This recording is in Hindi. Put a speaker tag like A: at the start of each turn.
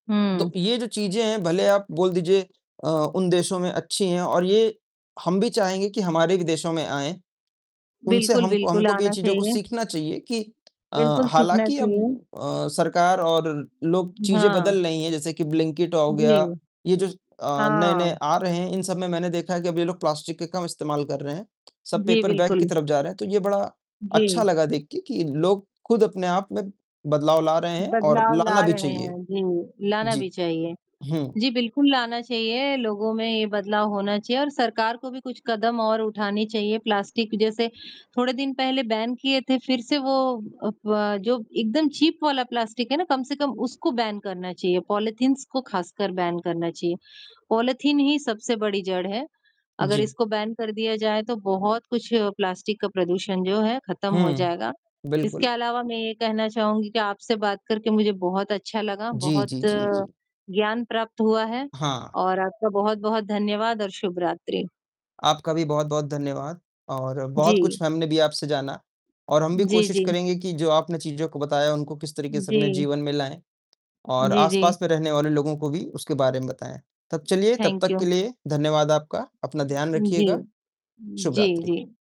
A: हुँ।
B: तो, ये जो चीज़ें हैं भले आप बोल दीजिए अ, उन देशों में अच्छी हैं और ये, हम भी चाहेंगे कि हमारे भी देशों में आए। उनसे
A: बिल्कुल,
B: हमको
A: बिल्कुल,
B: हमको भी ये
A: आना
B: चीज़ों को
A: चाहिए।
B: सीखना चाहिए कि अ,
A: बिल्कुल सीखना
B: हालाँकि अब
A: चाहिए।
B: अ, सरकार और लोग
A: उ,
B: चीज़ें
A: हाँ।
B: बदल रही हैं जैसे कि ब्लिंकेट औ गया,
A: जी,
B: ये जो अ, नए-नए
A: हाँ।
B: आ रहे हैं, इन सब में मैंने देखा है कि अब ये लोग प्लास्टिक का कम इस्तेमाल कर रहे हैं, सब
A: जी,
B: पेपर बैग की
A: बिल्कुल।
B: तरफ जा रहे हैं। तो ये बड़ा अच्छा
A: जी।
B: लगा देख के कि, लोग खुद अपने आप में बदलाव ला रहे हैं और
A: बदलाव
B: लाना
A: ला
B: भी
A: रहे
B: चाहिए।
A: हैं, जी, लाना भी
B: जी,
A: चाहिए।
B: हुँ।
A: जी, बिल्कुल लाना चाहिए लोगों में ये बदलाव होना चाहिए और सरकार को भी कुछ कदम और उठाने चाहिए, प्लास्टिक जैसे थोड़े दिन पहले बैन किए थे, फिर से वो अ, फ़व जो एकदम चीप वाला प्लास्टिक है ना कम से कम उसको बैन करना चाहिए, पॉलीथींस को खासकर बैन करना चाहिए। पॉलीथीन ही सबसे बड़ी जड़ है, अगर
B: जी।
A: इसको बैन कर दिया जाए तो बहुत कुछ प्लास्टिक का प्रदूषण जो है खत्म हो
B: हुँ,
A: जाएगा। इसके
B: बिल्कुल।
A: अलावा मैं ये कहना चाहूँगी कि आपसे बात करके मुझे बहुत अच्छा लगा,
B: जी,
A: बहुत
B: जी, जी, जी।
A: ज्ञान प्राप्त हुआ है,
B: हाँ।
A: और आपका बहुत-बहुत धन्यवाद और शुभरात्रि।
B: आपका भी बहुत-बहुत धन्यवाद और बहुत
A: जी।
B: कुछ हमने भी आपसे जाना और हम भी
A: जी,
B: कोशिश
A: जी।
B: करेंगे कि जो आपने चीज़ों को बताया उनको किस तरीके से अपने
A: जी।
B: जीवन में लाएँ, और
A: जी, जी।
B: आस-पास में रहने वाले लोगों को भी, उसके बारे में बताएँ। तब चलिए, तब
A: थैंक
B: तक
A: यू।
B: के लिए धन्यवाद आपका, अपना ध्यान
A: जी,
B: रखिएगा।
A: जी,
B: शुभरात्रि।
A: जी।